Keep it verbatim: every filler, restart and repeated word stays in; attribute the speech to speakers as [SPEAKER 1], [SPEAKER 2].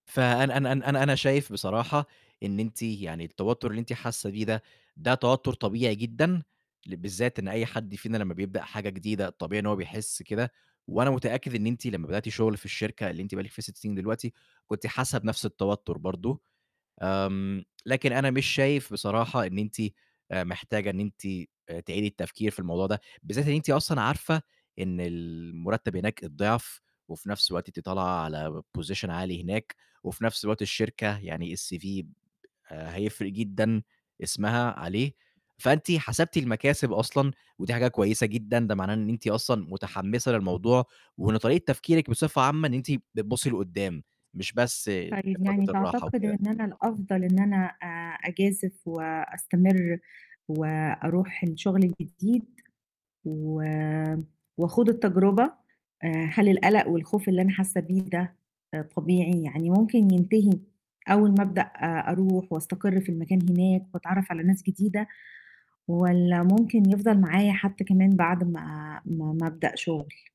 [SPEAKER 1] فأنا أنا أنا أنا أنا شايف بصراحة إن أنتِ يعني التوتّر اللي أنتِ حاسّة بيه ده، ده توتّر طبيعي جدًا، ل بالذات إن أي حد فينا لمّا بيبدأ حاجة جديدة، الطبيعي إن هو بيحِس كده وأنا متأكد إن أنتِ لمّا بدأتِ شُغل في الشركة اللي أنتِ بقى لك فيها سِت سنين دلوقتي، كنتِ حاسّة بنَفْس التوتّر برضه. آمم، لكن أنا مش شايف بصراحة إن أنتِ آآ محتاجة إن أنتِ آآ تعيدي التفكير في الموضوع ده. بالذات إن أنتِ أصلًا عارفة إن المُرتَّب هناك الضِعف وفي نَفْس الوقت أنتِ طالعة على Position عالي هناك وفي نَفْس الوقت الشركة يعني الCV آآ هيفرق جدًا اسمها عليه، فأنتِ حسبتِ المكاسب أصلًا ودي حاجة كويسة جدًا، ده معناه إن أنتِ أصلًا مُتحمِّسة للموضوع، وإن طريقة تفكيرِك بصفة عامة إن أنتِ بتبُصّي لقُدّام، مش بس
[SPEAKER 2] طيب، يعني
[SPEAKER 1] لفترة الراحة
[SPEAKER 2] تعتقد
[SPEAKER 1] وكده.
[SPEAKER 2] إن أنا الأفضل إن أنا أ أجازف وأستمر وأروح الشغل الجديد و وأخوض التجرُبة؟ آآ، هل القلَق والخوف اللي أنا حاسّة بيه ده آآ طبيعي؟ يعني ممكن ينتهي أول ما أبدأ أ أروح وأستقر في المكان هناك وأتعرّف على ناس جديدة والّا ممكن يفضل معايا حتّى كمان بعد ما ما ما أبدأ شُغل؟